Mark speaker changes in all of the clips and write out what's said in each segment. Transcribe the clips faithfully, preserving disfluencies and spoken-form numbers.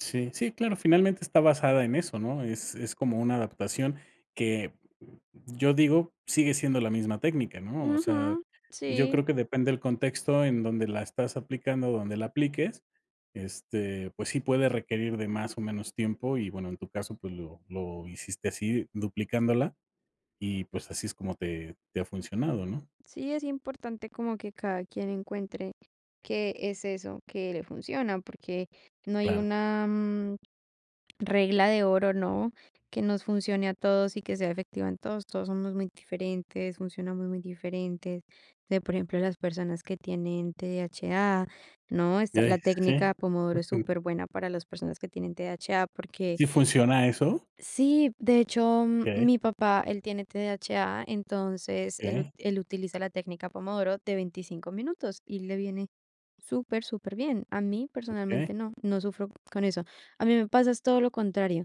Speaker 1: Sí, sí, claro. Finalmente está basada en eso, ¿no? Es es como una adaptación, que yo digo, sigue siendo la misma técnica, ¿no? O sea,
Speaker 2: Ujú,
Speaker 1: yo creo
Speaker 2: sí.
Speaker 1: que depende, el contexto en donde la estás aplicando, donde la apliques, este, pues sí, puede requerir de más o menos tiempo, y bueno, en tu caso, pues, lo lo hiciste, así duplicándola, y pues, así es como te te ha funcionado, ¿no?
Speaker 2: Sí, es importante como que cada quien encuentre qué es eso que le funciona porque no hay
Speaker 1: Claro.
Speaker 2: una, mm, regla de oro, ¿no? Que nos funcione a todos y que sea efectiva en todos. Todos somos muy diferentes, funcionamos muy diferentes. O sea, por ejemplo, las personas que tienen TDHA, ¿no? Esta,
Speaker 1: ¿Ya
Speaker 2: la
Speaker 1: es qué?
Speaker 2: técnica pomodoro es superbuena para las personas que tienen TDHA, porque
Speaker 1: ¿Sí funciona eso?
Speaker 2: Sí, de hecho,
Speaker 1: Okey.
Speaker 2: mi papá, él tiene TDHA, entonces él ut
Speaker 1: Okey.
Speaker 2: él utiliza la técnica pomodoro de veinticinco minutos, y le viene super superbién. A mí,
Speaker 1: Okey.
Speaker 2: personalmente, no. No sufro con eso. A mí me pasa, es todo lo contrario,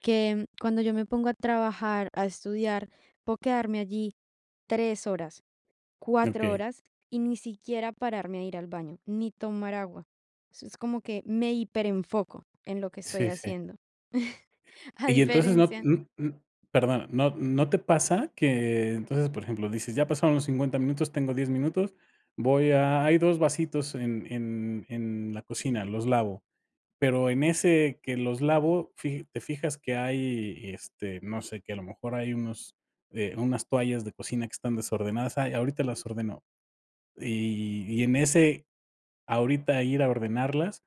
Speaker 2: que cuando yo me pongo a trabajar, a estudiar, puedo quedarme allí tres horas, cuatro
Speaker 1: Okey.
Speaker 2: horas, y ni siquiera pararme a ir al baño, ni tomar agua. Eso es como que me hiperenfoco en lo que estoy
Speaker 1: Sí, sí.
Speaker 2: haciendo, a
Speaker 1: Y entonces no,
Speaker 2: diferencia
Speaker 1: m m perdona, ¿no no te pasa? Que entonces, por ejemplo, dices: "Ya pasaron los cincuenta minutos, tengo diez minutos. Voy a hay dos vasitos en en en la cocina, los lavo". Pero, en ese que los lavo, fija te fijas que hay, este, no sé, que a lo mejor hay unos eh, unas toallas de cocina que están desordenadas: "Ay, ahorita las ordeno". Y y en ese, ahorita ir a ordenarlas,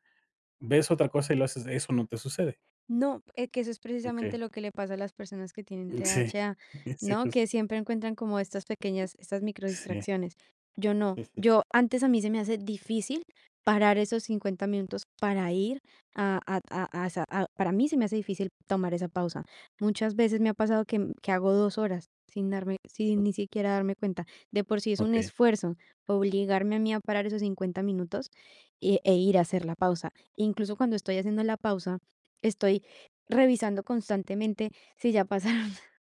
Speaker 1: ves otra cosa y lo haces, ¿eso no te sucede?
Speaker 2: No, eh, que eso es
Speaker 1: Okey.
Speaker 2: precisamente lo que le pasa a las personas que tienen
Speaker 1: Mm, sí.
Speaker 2: TDHA,
Speaker 1: Sí,
Speaker 2: ¿no?
Speaker 1: justo.
Speaker 2: Que siempre encuentran como estas pequeñas, estas micro
Speaker 1: Sí.
Speaker 2: distracciones. Yo no,
Speaker 1: Sí, sí.
Speaker 2: yo antes a mí se me hacía difícil parar esos cincuenta minutos para ir a a a a sa a para mí, se me hace difícil, tomar esa pausa. Muchas veces, me ha pasado que que hago dos horas sin darme sin ni siquiera darme cuenta. De por sí, es un
Speaker 1: Okey.
Speaker 2: esfuerzo obligarme a mí a parar esos cincuenta minutos, e e ir a hacer la pausa. Incluso, cuando estoy haciendo la pausa, estoy revisando constantemente si ya pasaron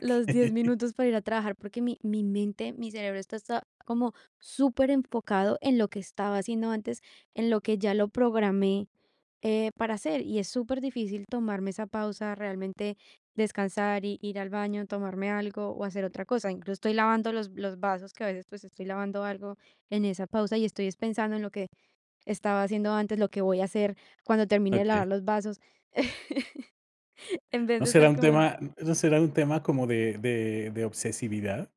Speaker 2: los diez minutos para ir a trabajar, porque mi mi mente, mi cerebro, está está como superenfocado en lo que estaba haciendo antes, en lo que ya lo programé, eh, para hacer. Y es super difícil tomarme esa pausa, realmente descansar y, ir al baño, tomarme algo, o, hacer otra cosa. Incluso estoy lavando los los vasos que, a veces, pues, estoy lavando algo en esa pausa, y estoy es pensando, en lo que estaba haciendo antes, lo que voy a hacer cuando termine de lavar
Speaker 1: Okey.
Speaker 2: los vasos, en vez
Speaker 1: ¿No
Speaker 2: de
Speaker 1: será
Speaker 2: estar
Speaker 1: un
Speaker 2: como en
Speaker 1: tema no será un tema, como de de de obsesividad?